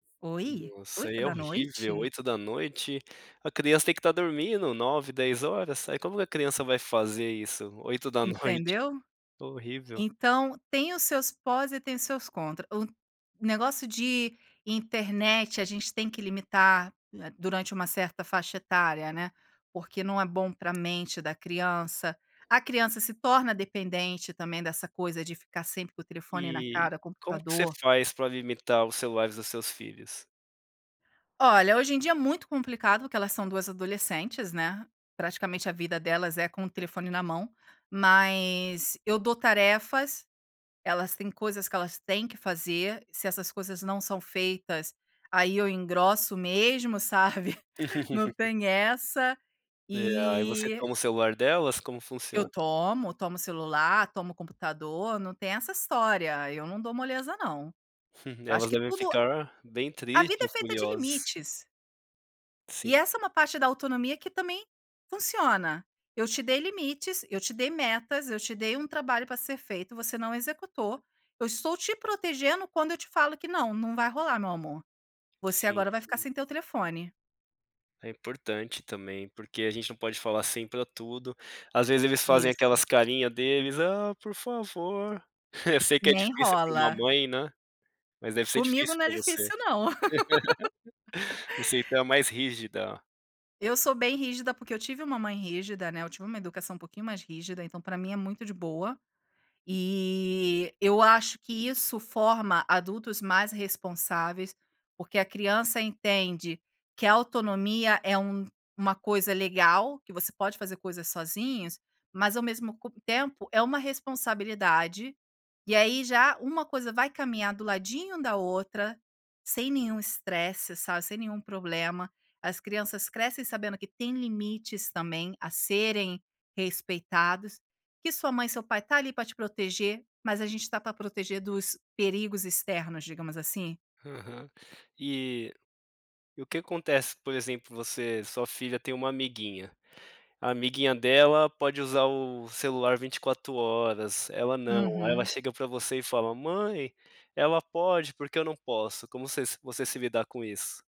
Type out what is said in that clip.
Oi? Nossa, oito é da horrível, noite? 20h, a criança tem que estar dormindo 21, 22h, aí como que a criança vai fazer isso 20h? Entendeu? Horrível. Então, tem os seus pós e tem os seus contra, o negócio de internet a gente tem que limitar durante uma certa faixa etária, né, porque não é bom para mente da criança, a criança se torna dependente também dessa coisa de ficar sempre com o telefone na E, cara, o como que você computador. faz para limitar os celulares dos seus filhos? Olha, hoje em dia é muito complicado, porque elas são 2 adolescentes, né, praticamente a vida delas é com o telefone na mão, mas, eu dou tarefas, elas têm coisas que elas têm que fazer, se essas coisas não são feitas, aí eu engrosso mesmo, sabe? Não tem essa, É, aí você e toma o celular delas? Como eu funciona? tomo, tomo celular, tomo computador, não tem essa história, eu não dou moleza não. Eu acho Elas que devem tudo ficar, bem a vida é tristes, feita de furiosas. limites. E Sim. essa é uma parte da autonomia que também funciona. Eu te dei limites, eu te dei metas, eu te dei um trabalho para ser feito, você não executou, eu estou te protegendo quando eu te falo que não, não vai rolar meu amor. Você Sim, agora vai ficar sim. sem teu telefone. É importante também, porque a gente não pode falar sim para tudo, às vezes eles fazem Isso. aquelas carinha deles: "Ah por favor". Eu sei que é Nem difícil para uma rola. mãe, né, mas deve ser Comigo difícil não é para você. difícil não. Você então é mais rígida. Eu sou bem rígida, porque eu tive uma mãe rígida, né, eu tive uma educação um pouquinho mais rígida, então para mim é muito de boa. E, eu acho que isso forma adultos mais responsáveis, porque a criança entende que a autonomia é um uma coisa legal, que você pode fazer coisas sozinhos, mas ao mesmo co tempo, é uma responsabilidade, e aí, já uma coisa vai caminhar do ladinho da outra, sem nenhum estresse, sabe, sem nenhum problema, as crianças crescem sabendo que têm limites também, a serem respeitados, que sua mãe e seu pai tá ali para te proteger, mas a gente tá para proteger dos perigos externos, digamos assim? Aham. E, e o que acontece, por exemplo, você sua filha tem uma amiguinha, a amiguinha dela pode usar o celular 24 horas, ela não, aí ela Uhum. chega para você e fala: "Mãe, ela pode, por que eu não posso?". Como você se você se lidar com isso?